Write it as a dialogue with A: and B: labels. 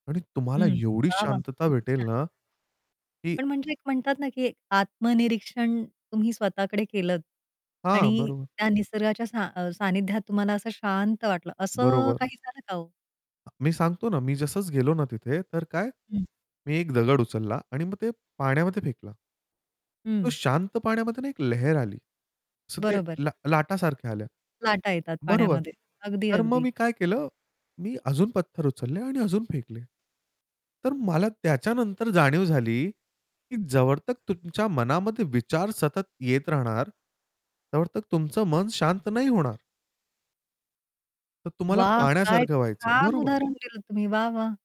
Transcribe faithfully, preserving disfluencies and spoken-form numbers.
A: आणि तुम्हाला
B: हं.
A: एवढी
B: वाह, वाह!
A: शांतता
B: किती
A: भेटेल
B: छान!
A: ना की
B: पण म्हणजे एक म्हणतात ना, की एक आत्मनिरीक्षण तुम्ही स्वतःकडे केलंत
A: हां,
B: आणि
A: बरोबर.
B: त्या निसर्गाच्या सा अ, सानिध्यात तुम्हाला असं शांत वाटलं असं
A: बरोबर.
B: काही झालं का हो?
A: अ, मी सांगतो ना. मी जसंचं गेलो ना तिथे तर काय?
B: हं.
A: मी एक दगड उचलला आणि मग ते पाण्यामध्ये फेकला. तो
B: हं.
A: शांत पाण्यामध्ये ना एक लहेर आली. सो ते
B: बरोबर.
A: लाट लाटासारख्या आल्या.
B: लाटा येतात
A: बरोबर.
B: पाण्यामध्ये. अगदी,
A: तर मग
B: अगदी.
A: मी काय केलं मी अजून पत्थर उचलले आणि अजून फेकले. तर मला त्याच्यानंतर जाणीव झाली, की जवळत तुमच्या मनामध्ये विचार सतत येत राहणार. तवळतत तुमचं मन शांत नाही होणार. तर तुम्हाला
B: वाह! काय
A: पाण्यासारखं व्हायचं आहे.
B: छान
A: बरोबर.
B: उदाहरण दिलत तुम्ही वाह, वाह!